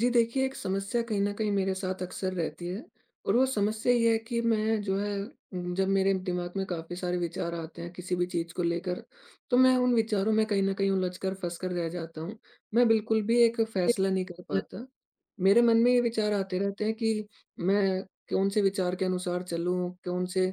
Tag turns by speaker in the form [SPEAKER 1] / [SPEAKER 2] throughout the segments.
[SPEAKER 1] जी देखिए एक समस्या कहीं न कहीं मेरे साथ अक्सर रहती है और वो समस्या ये है कि मैं जो है, उ जब मेरे दिमाग में काफ़ी सारे विचार आते हैं किसी भी चीज को लेकर, तो मैं उन विचारों में कहीं न कहीं उलझकर, फँसकर रह जाता हूँ, मैं बिल्कुल भी एक फैसला नहीं कर पाता। मेरे मन में ये विचार आते रहते हैं कि मैं कौन से विचार के अनुसार चलूँ? कौन से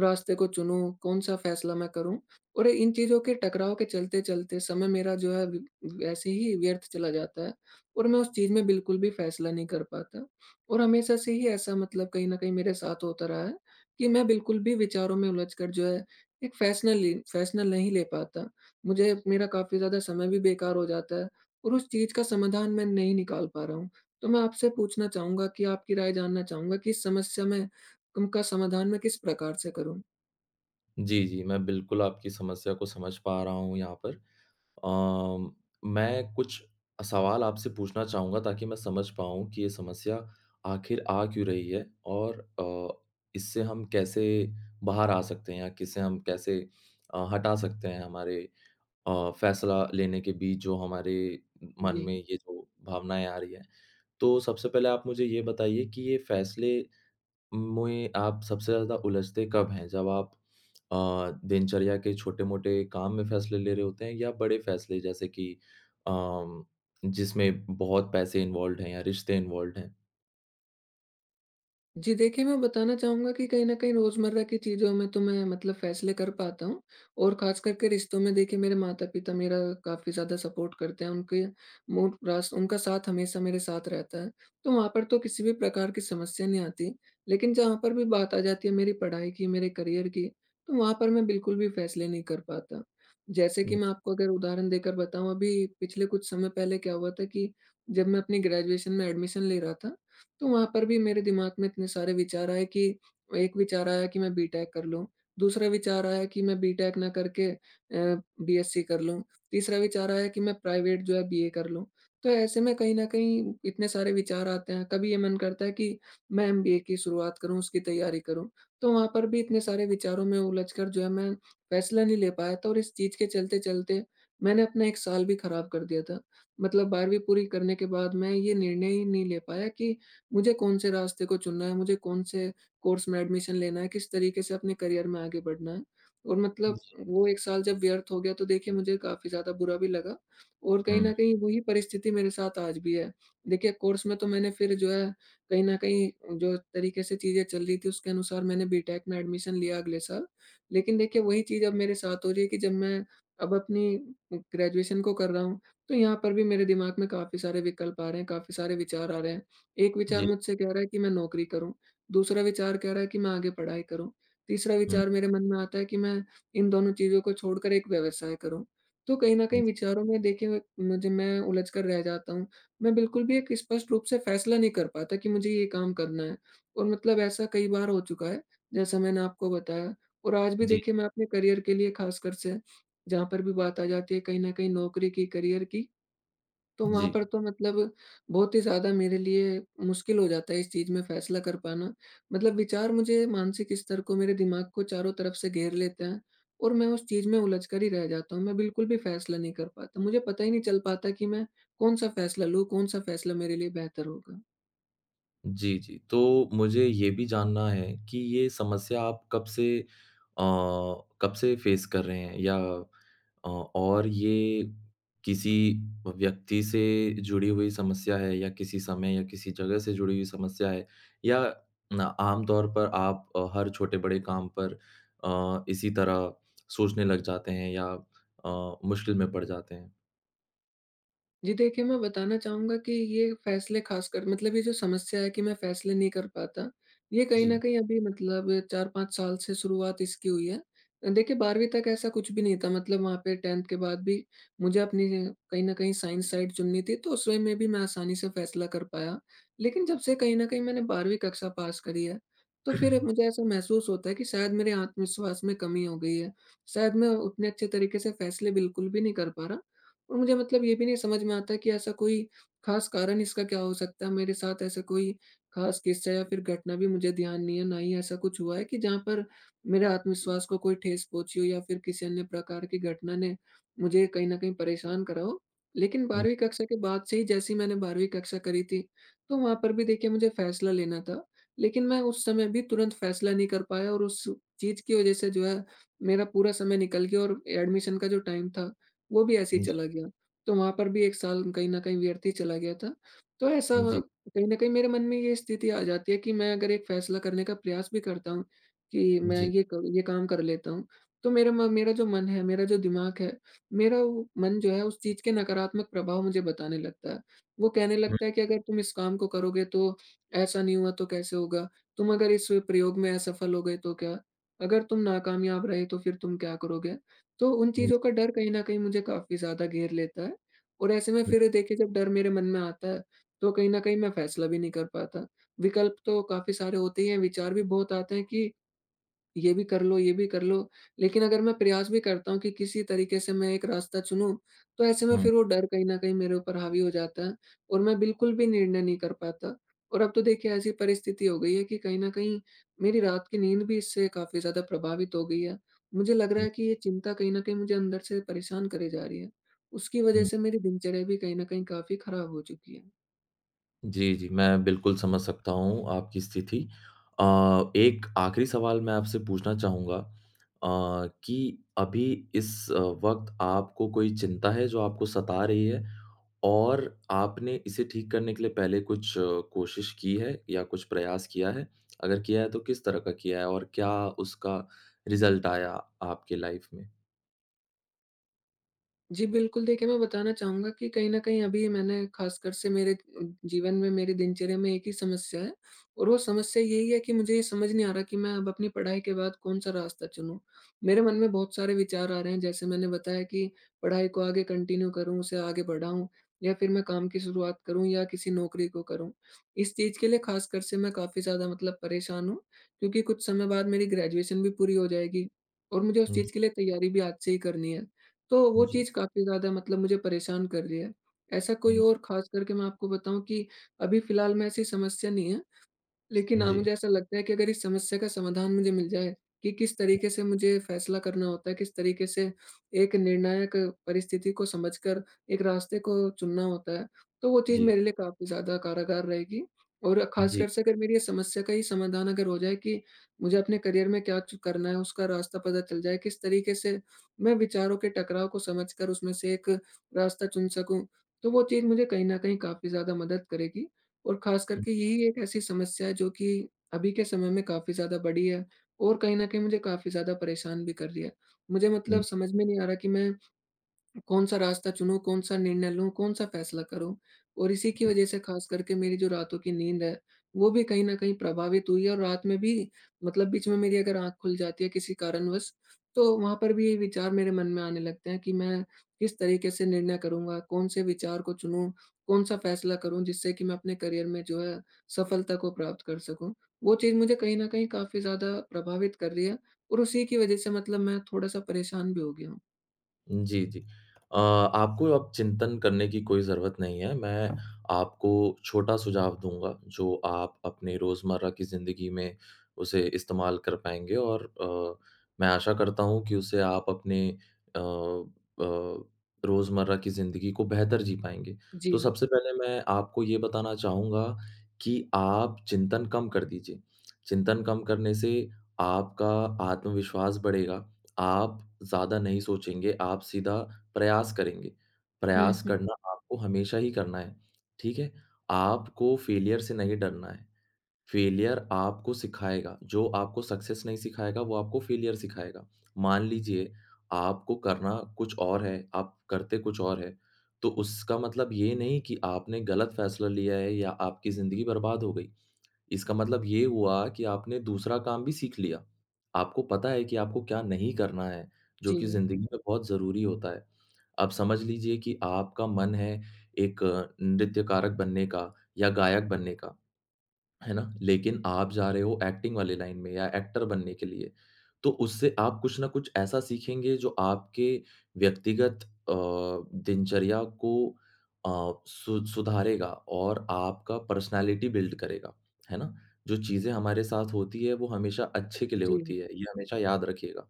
[SPEAKER 1] रास्ते को चुनूँ, कौन-सा फैसला मैं करूँ? और इन चीज़ों के टकराव के चलते चलते समय मेरा जो है वैसे ही व्यर्थ चला जाता है और मैं उस चीज़ में बिल्कुल भी फैसला नहीं कर पाता। और हमेशा से ही ऐसा मतलब कहीं ना कहीं मेरे साथ होता रहा है, कि मैं बिल्कुल भी विचारों में उलझकर जो है एक फैसला ले एक फैसला नहीं ले पाता, मुझे मेरा काफ़ी ज़्यादा समय भी बेकार हो जाता है और उस चीज का समाधान मैं नहीं निकाल पा रहा हूँ। तो मैं आपसे पूछना चाहूँगा कि आपकी राय जानना चाहूँगा कि इस समस्या में उनका समाधान मैं किस प्रकार से करूँ?
[SPEAKER 2] जी, जी, मैं बिल्कुल आपकी समस्या को समझ पा रहा हूँ यहाँ पर। अ, मैं कुछ सवाल आपसे पूछना चाहूँगा ताकि मैं समझ पाऊँ कि ये समस्या आखिर आ क्यों रही है और अ, इससे हम कैसे बाहर आ सकते हैं या इसे हम कैसे अ, हटा सकते हैं हमारे अ, फैसला लेने के बीच जो हमारे मन में
[SPEAKER 1] जी।
[SPEAKER 2] ये जो भावनाएँ आ रही हैं। तो सबसे पहले आप मुझे ये बताइए कि ये फैसले मुए आप सबसे ज़्यादा उलझते कब हैं? जब आप अ, दिनचर्या के छोटे-मोटे काम में फैसले ले रहे होते हैं या बड़े फैसले जैसे कि अ, जिसमें बहुत पैसे इन्वॉल्वड हैं या रिश्ते इन्वॉल्वड हैं?
[SPEAKER 1] जी देखिए, मैं बताना चाहूँगा कि कहीं न कहीं रोज़मर्रा की चीज़ों में तो मैं मतलब फैसले कर पाता हूँ और खास करके रिश्तों में देखिए मेरे माता-पिता मेरा काफ़ी ज़्यादा सपोर्ट करते हैं। उनके [unintelligible] उनका साथ हमेशा मेरे साथ रहता है। तो वहाँ पर तो किसी भी प्रकार की समस्या नहीं आती। लेकिन जहाँ पर भी बात आ जाती है मेरी पढ़ाई की, मेरे करियर की, तो वहाँ पर मैं बिल्कुल भी फैसले नहीं कर पाता। जैसे कि
[SPEAKER 2] हुँ।
[SPEAKER 1] मैं आपको अगर उदाहरण देकर बताऊँ, अभी पिछले कुछ समय पहले क्या हुआ था कि जब मैं अपनी ग्रेजुएशन में एडमिशन ले रहा था, तो वहाँ पर भी मेरे दिमाग में इतने सारे विचार आए कि एक विचार आया कि मैं बी टेक कर लूँ। दूसरा विचार आया कि मैं बी टेक ना करके अ, बी एससी कर लूँ। तीसरा विचार आया कि मैं प्राइवेट जो है बीए कर लूँ। तो ऐसे में कहीं न कहीं इतने सारे विचार आते हैं। कभी ये मन करता है कि मैं एमबीए की शुरुआत करूँ, उसकी तैयारी करूँ। तो वहाँ पर भी इतने सारे विचारों में उलझकर जो है मैं फैसला नहीं ले पाया था और इस चीज के चलते-चलते मैंने अपना एक साल भी खराब कर दिया था। मतलब 12वीं पूरी करने के बाद मैं यह निर्णय ही नहीं ले पाया कि मुझे कौन से रास्ते को चुनना है, मुझे कौन से कोर्स में एडमिशन लेना है, किस तरीके से अपने करियर में आगे बढ़ना है और मतलब
[SPEAKER 2] जी।
[SPEAKER 1] वो एक साल जब व्यर्थ हो गया तो देखिए मुझे काफ़ी ज़्यादा बुरा भी लगा और कहीं न
[SPEAKER 2] हुँ।
[SPEAKER 1] कहीं वही परिस्थिति मेरे साथ आज भी है। देखिए कोर्स में तो मैंने फिर जो है कहीं न कहीं जो तरीके से चीजें चल रही थी उसके अनुसार मैंने बी टेक में एडमिशन लिया अगले साल। लेकिन देखिए वही चीज़ अब मेरे साथ हो रही है कि जब मैं अब अपनी ग्रेजुएशन को कर रहा हूँ तो यहाँ पर भी मेरे दिमाग में काफ़ी सारे विकल्प आ रहे हैं, काफ़ी सारे विचार आ रहे हैं। एक विचार
[SPEAKER 2] जी।
[SPEAKER 1] मुझसे कह रहा है कि मैं नौकरी करूँ। दूसरा विचार कह रहा है कि मैं आगे पढ़ाई करूँ। तीसरा
[SPEAKER 2] हुँ।
[SPEAKER 1] विचार मेरे मन में आता है कि मैं इन दोनों चीज़ों को छोड़कर एक व्यवसाय करूँ। तो कहीं न कहीं विचारों में देखिए मुझे मैं उलझकर रह जाता हूँ। मैं बिल्कुल भी एक स्पष्ट रूप से फैसला नहीं कर पाता कि मुझे यह काम करना है और मतलब ऐसा कई बार हो चुका है जैसा मैंने आपको बताया और आज भी
[SPEAKER 2] जी।
[SPEAKER 1] देखिए मैं अपने करियर के लिए खास कर से जहाँ पर भी बात आ जाती है कहीं ना कहीं नौकरी की, करियर की, तो वहाँ
[SPEAKER 2] जी।
[SPEAKER 1] पर तो मतलब बहुत ही ज़्यादा मेरे लिए मुश्किल हो जाता है इस चीज़ में फैसला कर पाना। मतलब विचार मुझे मानसिक स्तर को, मेरे दिमाग को चारों तरफ से घेर लेते हैं और मैं उस चीज में उलझकर ही रह जाता हूँ। मैं बिल्कुल भी फैसला नहीं कर पाता। मुझे पता ही नहीं चल पाता कि मैं कौन-सा फैसला लूँ, कौन-सा फैसला मेरे लिए बेहतर होगा?
[SPEAKER 2] जी, जी, तो मुझे ये भी जानना है, कि ये समस्या आप कब से अ, कब से फेस कर रहे हैं या अ और ये किसी अ, व्यक्ति से जुड़ी हुई समस्या है या किसी समय या किसी जगह से जुड़ी हुई समस्या है, या ना आमतौर पर आप अ, हर छोटे-बड़े काम पर अ, इसी तरह सोचने लग जाते हैं या अ, मुश्किल में पड़ जाते हैं?
[SPEAKER 1] जी देखिए, मैं बताना चाहूँगा कि ये फैसले खास कर मतलब ये जो समस्या है कि मैं फैसले नहीं कर पाता, ये कहीं न
[SPEAKER 2] जी।
[SPEAKER 1] कहीं अभी मतलब 4-5 साल से शुरुआत इसकी हुई है। अ, देखिए 12वीं तक ऐसा कुछ भी नहीं था मतलब वहाँ पे 10th के बाद भी, मुझे अपनी ये कहीं न कहीं साइंस साइड चुननी थी तो उस वे में भी मैं आसानी से फैसला कर पाया, लेकिन जब से कहीं न कहीं मैंने 12वीं कक्षा पास करी है, तो फिर मुझे ऐसा महसूस होता है कि शायद मेरे आत्मविश्वास में कमी हो गई है, शायद मैं उतने अच्छे तरीके से फैसले बिल्कुल भी नहीं कर पा रहा और मुझे मतलब ये भी नहीं समझ में आता कि ऐसा कोई, खास कारण इसका क्या हो सकता है, मेरे साथ ऐसा कोई खास किस्सा या फिर घटना भी मुझे ध्यान नहीं है, ना ही ऐसा कुछ हुआ है कि जहाँ पर मेरे आत्मविश्वास को कोई ठेस पहुँची हो या फिर किसी अन्य प्रकार की घटना ने मुझे कहीं न कहीं परेशान करा हो। लेकिन
[SPEAKER 2] हुँ।
[SPEAKER 1] 12वीं कक्षा के बाद से ही जैसे ही मैंने 12वीं कक्षा करी थी, तो वहाँ पर भी देखिए मुझे फैसला लेना था। लेकिन मैं उस समय भी तुरंत फैसला नहीं कर पाया और उस चीज़ की वजह से जो है मेरा पूरा समय निकल गया और एडमिशन का जो टाइम था, वो भी ऐसी
[SPEAKER 2] जी।
[SPEAKER 1] चला गया, तो वहाँ पर भी 1 साल कहीं न कहीं व्यर्थ ही चला गया था। तो ऐसा
[SPEAKER 2] जी।
[SPEAKER 1] कहीं न कहीं मेरे मन में ये स्थिति आ जाती है कि मैं अगर एक फैसला करने का प्रयास भी करता हूँ, कि मैं
[SPEAKER 2] जी।
[SPEAKER 1] ये क ये काम कर लेता हूँ, तो मेरा म मेरा जो मन है, मेरा जो दिमाग है, मेरा वो मन जो है उस चीज़ के नकारात्मक प्रभाव मुझे बताने लगता है। वो कहने
[SPEAKER 2] हुँ।
[SPEAKER 1] लगता है कि अगर तुम इस काम को करोगे तो ऐसा नहीं हुआ तो कैसे होगा? तुम अगर इस प्रयोग में असफल हो गए तो क्या? अगर तुम नाकामयाब रहे तो फिर तुम क्या करोगे? तो उन
[SPEAKER 2] हुँ।
[SPEAKER 1] चीज़ों का डर कहीं न कहीं मुझे काफ़ी ज़्यादा घेर लेता है। और ऐसे में
[SPEAKER 2] हुँ।
[SPEAKER 1] फिर देखिए जब डर मेरे मन में आता है, तो कहीं न कहीं मैं फैसला भी नहीं कर पाता। विकल्प तो काफ़ी सारे होते ही हैं विचार भी बहुत आते हैं कि ये भी कर लो, ये भी कर लो, लेकिन अगर मैं प्रयास भी करता हूँ कि किसी तरीके से मैं एक रास्ता चुनूँ, तो ऐसे में
[SPEAKER 2] हुँ।
[SPEAKER 1] फिर वो डर कहीं न कहीं मेरे ऊपर हावी हो जाता है और मैं बिल्कुल भी निर्णय नहीं कर पाता। और अब तो देखिए ऐसी परिस्थिति हो गई है कि कहीं न कहीं, मेरी रात की नींद भी इससे काफ़ी ज़्यादा प्रभावित हो गई है, मुझे लग रहा
[SPEAKER 2] हुँ।
[SPEAKER 1] है कि ये चिंता कहीं न कहीं मुझे अंदर से परेशान करे जा रही है। उसकी वजह
[SPEAKER 2] हुँ।
[SPEAKER 1] से मेरी दिनचर्या भी कहीं न कहीं काफ़ी खराब हो चुकी है।
[SPEAKER 2] जी, जी, मैं बिल्कुल समझ सकता हूँ आपकी स्थिति अ, एक आखिरी सवाल मैं आपसे पूछना चाहूँगा अ, कि अभी इस वक़्त आपको कोई चिंता है जो आपको सता रही है? और आपने इसे ठीक करने के लिए पहले कुछ कोशिश की है या कुछ प्रयास किया है? अगर किया है तो किस तरह का किया है और क्या उसका रिजल्ट आया आपके लाइफ में?
[SPEAKER 1] जी, बिल्कुल देखिए, मैं बताना चाहूँगा कि कहीं न कहीं अभी मैंने ख़ासकर से मेरे अ, जीवन में, मेरी दिनचर्या में एक ही समस्या है और वो समस्या यही है कि मुझे ये समझ नहीं आ रहा कि मैं अब अपनी पढ़ाई के बाद कौन-सा रास्ता चुनूँ? मेरे मन में बहुत सारे विचार आ रहे हैं जैसे मैंने बताया कि पढ़ाई को आगे कंटिन्यू करूँ उसे आगे बढ़ाऊँ या फिर मैं काम की शुरुआत करूँ या किसी नौकरी को करूँ? इस चीज़ के लिए ख़ासकर से मैं काफ़ी ज़्यादा मतलब परेशान हूँ, क्योंकि कुछ समय बाद मेरी ग्रेजुएशन भी पूरी हो जाएगी और मुझे उस
[SPEAKER 2] हुँ ज
[SPEAKER 1] चीज़ के लिए तैयारी भी आज से ही करनी है। तो वो
[SPEAKER 2] जी।
[SPEAKER 1] चीज़ काफ़ी ज़्यादा मतलब मुझे परेशान कर रही है, ऐसा कोई
[SPEAKER 2] हुँ ज
[SPEAKER 1] और ख़ासकर के मैं आपको बताऊँ कि अभी फिलहाल में ऐसी समस्या नहीं है, लेकिन हाँ,
[SPEAKER 2] जी।
[SPEAKER 1] मुझे ऐसा लगता है कि अगर इस समस्या का समाधान मुझे मिल जाए, कि किस तरीक़े से मुझे फैसला करना होता है, किस तरीक़े से एक निर्णायक परिस्थिति को समझकर एक रास्ते को चुनना होता है, तो वो चीज
[SPEAKER 2] जी।
[SPEAKER 1] मेरे लिए काफ़ी ज़्यादा कारगर रहेगी और
[SPEAKER 2] जी।
[SPEAKER 1] ख़ासकर से अगर मेरी ये समस्या का ये समाधान अगर हो जाए कि मुझे अपने करियर में क्या च करना है उसका रास्ता पता चल जाए, किस तरीक़े से मैं विचारों के टकराव को समझकर उसमें से एक रास्ता चुन सकूँ, तो वो चीज़ मुझे कहीं न कहीं काफ़ी ज़्यादा मदद करेगी और ख़ासकर के यही एक ऐसी समस्या है जो कि अभी के समय में काफ़ी ज़्यादा बड़ी है और कहीं न कहीं मुझे काफ़ी ज़्यादा परेशान भी कर रही है। मुझे
[SPEAKER 2] हुँ
[SPEAKER 1] मतलब
[SPEAKER 2] ज
[SPEAKER 1] समझ में नहीं आ रहा कि मैं कौन-सा रास्ता चुनूँ कौन-सा निर्णय लूँ कौन-सा फैसला करूँ? और इसी की वजह से ख़ासकर के मेरी जो रातों की नींद है, वो भी कहीं न कहीं प्रभावित हुई है और रात में भी मतलब बीच में मेरी अगर आँख खुल जाती है किसी कारणवश, तो वहाँ पर भी विचार मेरे मन में आने लगते हैं कि मैं किस तरीक़े से निर्णय करूँगा कौन से विचार को चुनूँ, कौन-सा फैसला करूँ जिससे कि मैं अपने करियर में जो है सफलता को प्राप्त कर सकूँ। वो चीज़ मुझे कहीं न कहीं काफ़ी ज़्यादा प्रभावित कर रही है और उसी की वजह से मतलब मैं थोड़ा-सा परेशान भी हो गया हूँ।
[SPEAKER 2] जी, जी। अ, आपको अब चिंतन करने की कोई ज़रूरत नहीं है, मैं आपको छोटा सुझाव दूँगा, जो आप अपने रोजमर्रा की ज़िंदगी में उसे इस्तेमाल कर पाएँगे, और अ, मैं आशा करता हूँ कि उससे आप अपने अ अ, रोजमर्रा की ज़िंदगी को बेहतर जी पाएँगे। तो
[SPEAKER 1] जी।
[SPEAKER 2] सबसे पहले मैं आपको ये बताना चाहूँगा कि आप चिंतन कम कर दीजिए, चिंतन कम करने से आपका आत्मविश्वास बढ़ेगा, आप ज़्यादा नहीं सोचेंगे, आप सीधा प्रयास करेंगे,
[SPEAKER 1] हुँ,
[SPEAKER 2] प्रयास
[SPEAKER 1] हुँ।
[SPEAKER 2] करना आपको हमेशा ही करना है, ठीक है? आपको फेलियर से नहीं डरना है, फेलियर आपको सिखाएगा, जो आपको सक्सेस नहीं सिखाएगा, वो आपको फेलियर सिखाएगा। मान लीजिए आपको करना कुछ और है, आप करते कुछ और है, तो उसका मतलब ये नहीं कि आपने गलत फैसला लिया है या आपकी ज़िंदगी बर्बाद हो गई। इसका मतलब ये हुआ कि आपने दूसरा काम भी सीख लिया, आपको पता है कि आपको क्या नहीं करना है, जो कि
[SPEAKER 1] जी।
[SPEAKER 2] ज़िंदगी में बहुत ज़रूरी होता है। अब समझ लीजिए कि आपका मन है एक नृत्यकारक बनने का या गायक बनने का, हैं ना? लेकिन आप जा रहे हो एक्टिंग वाली लाइन में या एक्टर बनने के लिए, तो उससे आप कुछ ना कुछ ऐसा सीखेंगे जो आपके व्यक्तिगत अ, दिनचर्या को अ, सु सुधारेगा और आपका पर्सनैलिटी बिल्ड करेगा, हैं ना? जो चीज़ें हमारे साथ होती है वो हमेशा अच्छे के लिए
[SPEAKER 1] जी।।
[SPEAKER 2] होती है, ये हमेशा याद रखिएगा।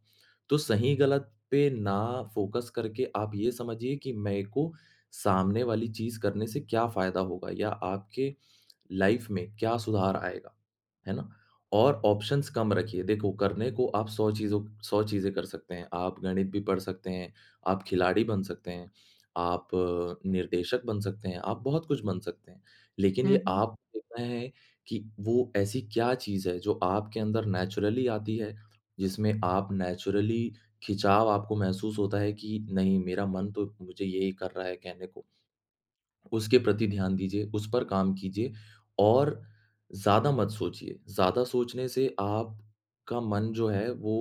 [SPEAKER 2] तो सही-गलत पे ना फ़ोकस करके आप ये समझिए कि मेरे को सामने वाली चीज़ करने से क्या फायदा होगा या आपके लाइफ़ में, क्या सुधार आएगा, हैं ना? और ऑप्शंस कम रखिए, देखो करने को आप 100 चीज़ों 100 चीज़ें कर सकते हैं, आप गणित भी पढ़ सकते हैं, आप खिलाड़ी बन सकते हैं, आप निर्देशक बन सकते हैं, आप बहुत कुछ बन सकते हैं। लेकिन
[SPEAKER 1] हुँ,
[SPEAKER 2] ये
[SPEAKER 1] हुँ।
[SPEAKER 2] आप देखना है कि वो ऐसी क्या चीज़ है जो आपके अंदर नैचुरली आती है, जिसमें आप नैचुरली खिंचाव आपको महसूस होता है कि नहीं, मेरा मन तो मुझे यही कर रहा है कहने को। उसके प्रति ध्यान दीजिए, उस पर काम कीजिए और ज़्यादा मत सोचिए। ज़्यादा सोचने से आपका मन जो है वो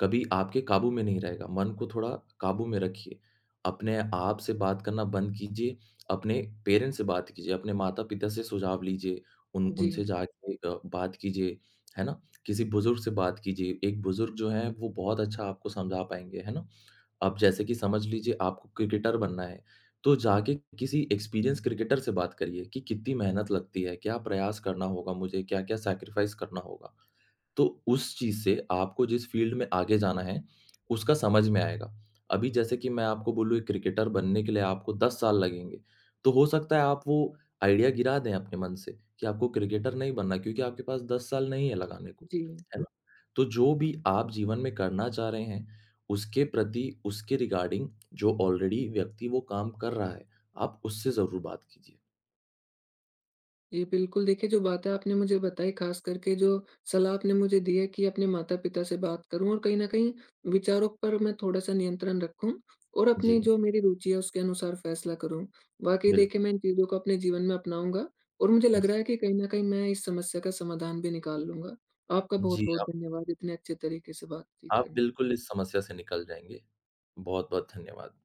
[SPEAKER 2] कभी आपके काबू में नहीं रहेगा, मन को थोड़ा काबू में रखिए। अपने आप से बात करना बंद कीजिए, अपने पेरेंट्स से बात कीजिए, अपने माता-पिता से सुझाव लीजिए, उन उनसे
[SPEAKER 1] जी।
[SPEAKER 2] जाके अ, बात कीजिए, है ना किसी बुज़ुर्ग से बात कीजिए। एक बुज़ुर्ग जो है वो बहुत अच्छा आपको समझा पाएँगे, हैं ना? अब जैसे कि समझ लीजिए आपको क्रिकेटर बनना है, तो जाके किसी एक्सपीरियंस्ड क्रिकेटर से बात करिए कि कितनी मेहनत लगती है, क्या प्रयास करना होगा मुझे, क्या-क्या सैक्रिफाइस करना होगा? तो उस चीज़ से आपको जिस फ़ील्ड में आगे जाना है, उसका समझ में आएगा। अभी जैसे कि मैं आपको बोलूँ एक क्रिकेटर बनने के लिए आपको 10 साल लगेंगे। तो हो सकता है आप वो आइडिया गिरा दें अपने मन से, कि आपको क्रिकेटर नहीं बनना क्योंकि आपके पास 10 साल नहीं है लगाने को,
[SPEAKER 1] जी।
[SPEAKER 2] हैं ना? तो जो भी आप जीवन में करना चाह रहे हैं, उसके प्रति, उसके रिगार्डिंग जो ऑलरेडी व्यक्ति वो काम कर रहा है, आप उससे ज़रूर बात कीजिए।
[SPEAKER 1] ये बिल्कुल देखिए जो बातें आपने मुझे बताई, खासकर के जो सलाह आपने मुझे दी है कि अपने माता-पिता से बात करूँ और कहीं न कहीं विचारों पर मैं थोड़ा सा नियंत्रण रखूँ और अपनी
[SPEAKER 2] जी।
[SPEAKER 1] जो मेरी रुचि है उसके अनुसार फैसला करूँ। वाक़ई
[SPEAKER 2] बिल
[SPEAKER 1] देखिए, मैं इन चीज़ों को अपने जीवन में अपनाऊँगा और मुझे लग
[SPEAKER 2] जी।
[SPEAKER 1] रहा है कि कहीं न कहीं मैं इस समस्या का समाधान भी निकाल लूँगा। आपका
[SPEAKER 2] जी,
[SPEAKER 1] बहुत-बहुत
[SPEAKER 2] आप
[SPEAKER 1] धन्यवाद इतने अच्छे तरीके से बातचीत
[SPEAKER 2] आप
[SPEAKER 1] करने
[SPEAKER 2] बिल्कुल इस समस्या से निकल जाएँगे। बहुत-बहुत धन्यवाद।